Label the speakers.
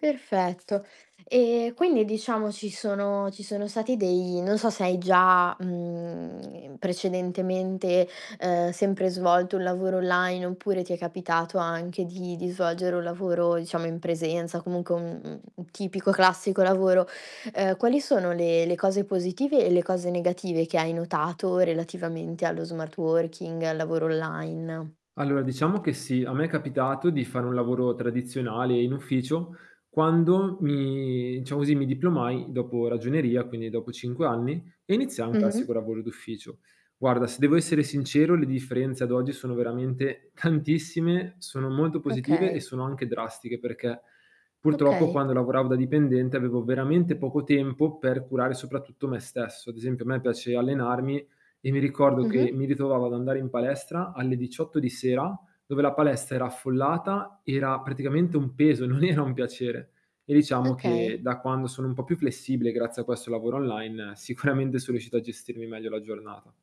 Speaker 1: Perfetto. Ehm, quindi diciamo ci sono ci sono stati dei non so se hai già, mhmm, ehm, precedentemente, ehm, sempre svolto un lavoro online oppure ti è capitato anche di di svolgere un lavoro diciamo in presenza comunque un un un tipico classico lavoro, uhm, quali sono le le cose positive e le cose negative che hai notato relativamente allo smart working, al lavoro online?
Speaker 2: Allora diciamo che sì, a me è capitato di fare un lavoro tradizionale in ufficio quando mi diciamo così, mi diplomai dopo ragioneria, quindi dopo 5 anni e iniziai un
Speaker 1: Mh-mh.
Speaker 2: classico lavoro d'ufficio. Guarda, se devo essere sincero le differenze ad oggi sono veramente tantissime, sono molto positive, e
Speaker 1: Okay.
Speaker 2: sono anche drastiche perché purtroppo
Speaker 1: Okay.
Speaker 2: quando lavoravo da dipendente, avevo veramente poco tempo per curare soprattutto me stesso. Ad esempio, a me piace allenarmi e mi ricordo che
Speaker 1: Mh-mh.
Speaker 2: mi ritrovavo ad andare in palestra alle 18 di sera, dove la palestra era affollata, era praticamente un peso, non era un piacere, e diciamo
Speaker 1: Okay.
Speaker 2: che da quando sono un po' più flessibile grazie a questo lavoro online, sicuramente so riuscito a gestirmi meglio la giornata.